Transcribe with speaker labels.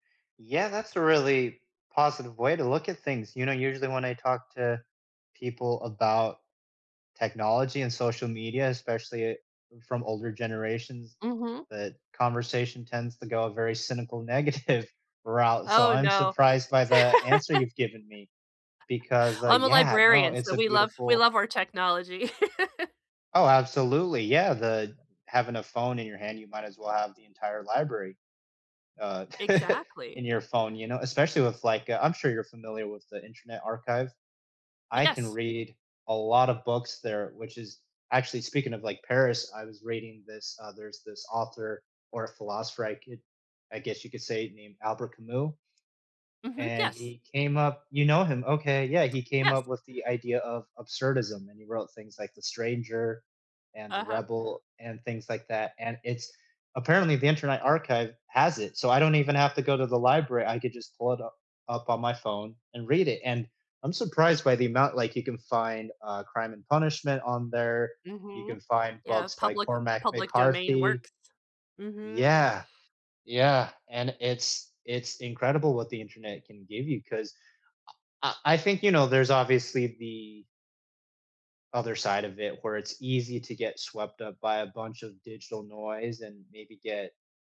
Speaker 1: Yeah, that's a really positive way to look at things. You know, usually when I talk to people about technology and social media, especially, uh, from older generations,
Speaker 2: Mhm.
Speaker 1: the conversation tends to go a very cynical, negative route, so
Speaker 2: Oh
Speaker 1: I'm
Speaker 2: no.
Speaker 1: surprised by the answer you've given me, because, uh,
Speaker 2: Well, I'm a
Speaker 1: yeah, no,
Speaker 2: librarian,
Speaker 1: it's
Speaker 2: so
Speaker 1: a
Speaker 2: we love we
Speaker 1: beautiful
Speaker 2: love our technology.
Speaker 1: Oh, absolutely, yeah, the having a phone in your hand, you might as well have the entire library, uh,
Speaker 2: Exactly.
Speaker 1: in your phone, you know especially with like, uh I'm sure you're familiar with the Internet Archive. I can
Speaker 2: Yes.
Speaker 1: read a lot of books there, which is actually speaking of like, Paris, I was reading this uh, there's this author, or a philosopher, I could I guess you could say, named Albert Camus
Speaker 2: Mhm,
Speaker 1: and
Speaker 2: yes.
Speaker 1: he came up You know him, okay? Yeah, he came
Speaker 2: Yes.
Speaker 1: up with the idea of absurdism, and he wrote things like The Stranger, and The
Speaker 2: Uh-huh.
Speaker 1: Rebel, and things like that, and it's apparently the Internet Archive has it, so I don't even have to go to the library, I could just pull it u up on my phone and read it, and I'm surprised by the amount like, you can find, uh, Crime and Punishment on there, you
Speaker 2: Mhm.
Speaker 1: can find
Speaker 2: Yeah,
Speaker 1: books by
Speaker 2: public with
Speaker 1: Cormac
Speaker 2: public domain
Speaker 1: McCarthy.
Speaker 2: works. Mhm.
Speaker 1: Yeah. Yeah. And it's it's incredible, what the Internet can give you, 'cause I I I think, you know, there's obviously the other side of it, where it's easy to get swept up by a bunch of digital noise, and maybe get